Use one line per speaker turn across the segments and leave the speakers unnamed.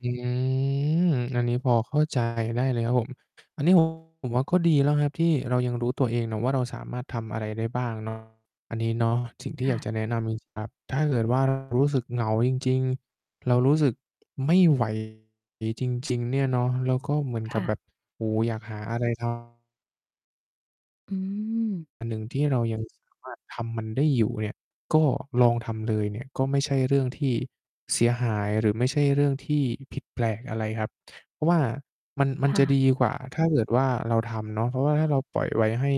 อืม อันนี้พอเข้า ใจ ได้เลยครับผม อันนี้ ผม ผมว่าก็ดีแล้วครับที่เรายังรู้ตัวเองนะว่า เราสามารถทำอะไรได้บ้าง เนาะ อันนี้ เนาะ สิ่งที
ค
่อ
่
ยาก
ะ
จะแนะนำจริง จริง ครับ ถ้าเกิด ว่า รู้สึกเหงาจริง ๆ เรารู้สึก ไม่ ไหว จริง ๆ เนี่ยเนาะ แล้วก็เหมือน
ค
กั
่
บแบ
ะ
บ โอ้โฮ อยากหา อะไร ทำ
อืม
อันหนึ่งที่เรา ยังสามารถ ทำมันได้อยู่เนี่ย ก็ลองทำเลยเนี่ย ก็ไม่ใช่เรื่องที่เสียหาย หรือไม่ใช่เรื่องที่ผิดแปลกอะไรครับ เพราะว่ามัน มัน
ค่
จะ
ะ
ดีกว่าถ้าเกิดว่าเราทำเนาะ เพราะว่าถ้าเราปล่อยไว้ให้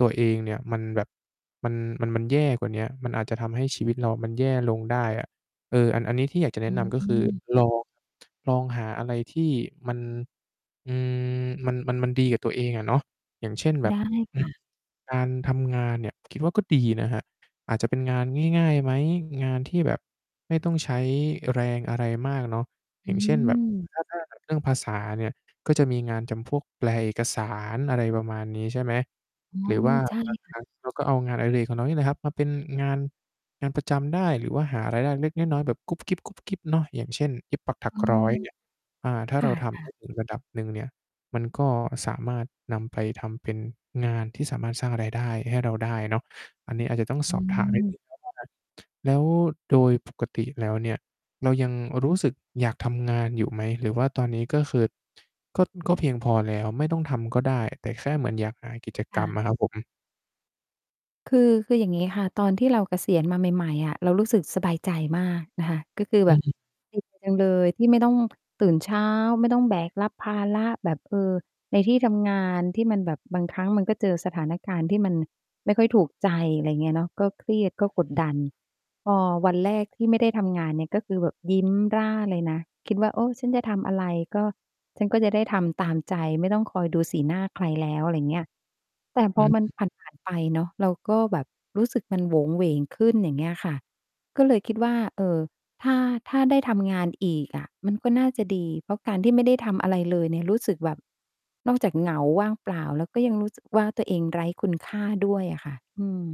ตัวเองเนี่ยมันแบบมัน มัน มันแย่กว่าเนี้ย มันอาจจะทำให้ชีวิตเรามันแย่ลงได้อะ เออ อัน อันนี้ที่อยากจะแน
อ
ะนำ ก็คือ
ืม
ลอง ลองหาอะไรที่มัน อืม มัน มัน มันดีกับตัวเองอะเนาะ อย่างเช่น แบ
ได
บ
้
อ
ค
ื
่
อ
ะ
การทำงานเนี่ย คิดว่าก็ดีนะครับ อาจจะเป็นงานง่าย ๆ ไหม? งานที่แบบไม่ต้องใช้แรงอะไรมากเนาะ อ
อ
ย่
ื
างเช่น แบบ
ม
ถ้า ถ้าแบบ เรื่องภาษาเนี่ย ก็จะมีงานทำพวกแปลเอกสาร อะไรประมาณนี้ ใช่ไหม
อ๋อ
หรือว่า
ใช่
บาง
ค
ค
่
ร
ะ
ั้งเรา ก็เอางานอดิเรกของเรานี่แหละครับมาเป็นงาน งานประจำได้ หรือว่าหารายได้เล็กน้อย ๆ แบบ กุ๊บกิ๊บ ๆ เนาะ อย่างเช่น เย็บปักถั
อ
ก
๋อ
ร้อยเนี่ย อ่า ถ้า
ค
เร
่
าทำ ได
ะ
้
ๆ
ถึง ระดับหนึ่งเนี่ย มันก็สามารถนำไปทำเป็นงานที่สามารถสร้างรายได้ให้เราได้เนาะ อันนี้อาจจะต้อง
อ
สอบถามนิด
ืม
หนึ่ง [unintelligible] แล้วโดย ปกติแล้วเนี่ย เรายังรู้สึกอยากทำงานอยู่ไหม? หรือว่าตอนนี้ก็คือ ก็ ก็เพียงพอแล้ว ไม่ต้องทำก็ได้ แต่แค่เหมือนอยากหากิจ
ค
กร
่
รม
ะ
อะครับผม
คือ คืออย่างงี้ค่ะ ตอนที่เราเกษียณมาใหม่ ๆ อะ เรารู้สึกสบายใจมากนะคะ ก็คือ
อ
แ
ื
บบ
อ
ดีใจ เลยที่ไม่ต้อง ตื่นเช้า ไม่ต้องแบกรับภาระแบบ เอ่อ ในที่ทำงานที่มันแบบบางครั้งมันก็เจอสถานการณ์ที่มันไม่ค่อยถูกใจ อะไรเงี้ยเนาะ ก็เครียดก็กด
อือ
ดัน พอวันแรกที่ไม่ได้ทำงานเนี่ย ก็คือแบบยิ้ม ร่าเลยนะ คิดว่า โอ้ ฉันจะทำอะไรก็ฉันก็จะได้ทำตามใจไม่ต้องคอยดูสีหน้าใครแล้ว อะไรเงี้ย แต่พ
อ
อมัน
ือ
ผ่าน ผ่าน ไปเนาะ เราก็แบบรู้สึกมันโหวงหวงขึ้น อย่างเงี้ยค่ะ ก็เลยคิดว่า เอ่อ ถ้า ถ้าได้ทำงานอีกอะมันก็น่าจะดี เพราะการที่ไม่ได้ทำอะไรเลยเนี่ย รู้สึกแบบนอกจากเหงาว่างเปล่าแล้ว ก็ยังรู้สึกว่าตัวเองไร้คุณค่าด้วยอะค่ะ อืม